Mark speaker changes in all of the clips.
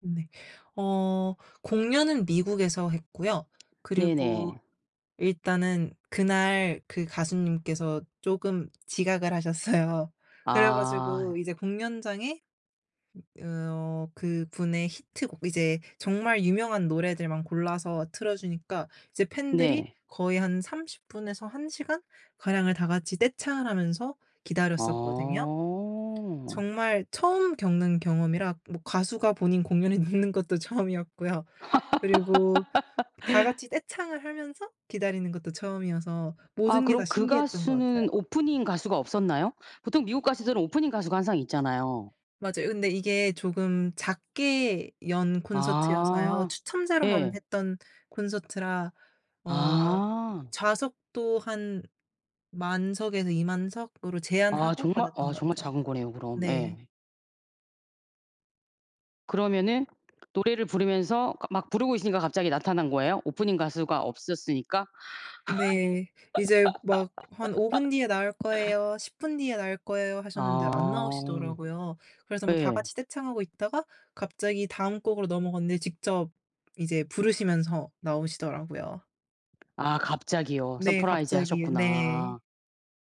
Speaker 1: 네. 어 공연은 미국에서 했고요. 그리고
Speaker 2: 네네.
Speaker 1: 일단은 그날 그 가수님께서 쪼금 지각을 하셨어요. 그래
Speaker 2: 아.
Speaker 1: 가지고 이제 공연장에 으 어 그분의 히트곡 이제 정말 유명한 노래들만 골라서 틀어주니까 이제 팬들이
Speaker 2: 네.
Speaker 1: 거의 한 30 분에서 1 시간 가량을 다 같이 떼창을 하면서 기다렸었거든요.
Speaker 2: 어.
Speaker 1: 정말 처음 겪는 경험이라. 뭐 가수가 본인 공연을 늦는 것도 처음이었고요. 그리고 다 같이 떼창을 하면서 기다리는 것도 처음이어서
Speaker 2: 아
Speaker 1: 모든 게 다
Speaker 2: 그럼 그
Speaker 1: 신기했던 것 같아요.
Speaker 2: 가수는 오프닝 가수가 없었나요? 보통 미국 가수들은 오프닝 가수가 항상 있잖아요.
Speaker 1: 맞아요. 근데 이게 조금 작게 연 콘서트여서요.
Speaker 2: 아.
Speaker 1: 추첨자로만
Speaker 2: 예.
Speaker 1: 했던 콘서트라 어 이
Speaker 2: 아.
Speaker 1: 좌석도 한 10,000 석에서 20,000 석으로
Speaker 2: 아
Speaker 1: 제한하고
Speaker 2: 정말 아
Speaker 1: 받았던 거
Speaker 2: 정말
Speaker 1: 같아요.
Speaker 2: 작은 거네요 그럼. 예.
Speaker 1: 네.
Speaker 2: 그러면은 노래를 부르면서 그러니까 막 부르고 있으니까 갑자기 나타난 거예요. 오프닝 가수가 없었으니까.
Speaker 1: 네. 이제 막 "한 5 분 뒤에 나올 거예요. 10 분 뒤에 나올 거예요." 하셨는데 안
Speaker 2: 아.
Speaker 1: 나오시더라고요. 그래서 뭐 다
Speaker 2: 예.
Speaker 1: 같이 떼창하고 있다가 갑자기 다음 곡으로 넘어갔는데 직접 이제 부르시면서 나오시더라고요.
Speaker 2: 아 갑자기요.
Speaker 1: 네
Speaker 2: 서프라이즈
Speaker 1: 갑자기. 네.
Speaker 2: 하셨구나.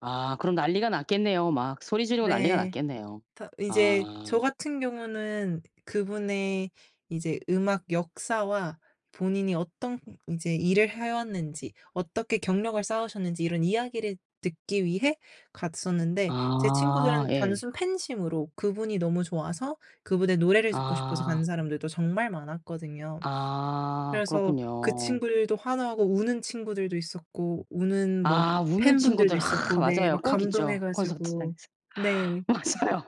Speaker 2: 아 그럼 난리가 났겠네요 막. 소리 지르고 난리가
Speaker 1: 네.
Speaker 2: 났겠네요.
Speaker 1: 다 이제
Speaker 2: 아.
Speaker 1: 저 같은 경우는 그분의 이제 음악 역사와 본인이 어떤 이제 일을 해왔는지, 어떻게 경력을 쌓으셨는지 이런 이야기를 듣기 위해 갔었는데 제
Speaker 2: 아.
Speaker 1: 친구들은
Speaker 2: 예.
Speaker 1: 단순 팬심으로 그분이 너무 좋아서 그분의 노래를 듣고 싶어서 가는
Speaker 2: 아.
Speaker 1: 사람들도 정말 많았거든요.
Speaker 2: 아
Speaker 1: 그래서 그
Speaker 2: 그렇군요.
Speaker 1: 친구들도 환호하고 우는 친구들도 있었고 우는 뭐
Speaker 2: 아 우는
Speaker 1: 팬분들도
Speaker 2: 친구들. 아
Speaker 1: 있었고 네.
Speaker 2: 맞아요.
Speaker 1: 막
Speaker 2: 꼭
Speaker 1: 감동해
Speaker 2: 있죠.
Speaker 1: 가지고
Speaker 2: 콘서트장에서.
Speaker 1: 네.
Speaker 2: 맞아요.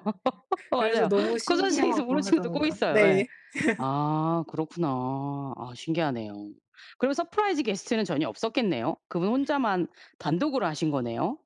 Speaker 1: 그래서
Speaker 2: 맞아요.
Speaker 1: 너무
Speaker 2: 콘서트장에서 우는
Speaker 1: 신기하고
Speaker 2: 친구들 꼭
Speaker 1: 하더라고요.
Speaker 2: 있어요. 예.
Speaker 1: 네.
Speaker 2: 아 그렇구나. 아 신기하네요. 그러면 서프라이즈 게스트는 전혀 없었겠네요. 그분 혼자만 단독으로 하신 거네요.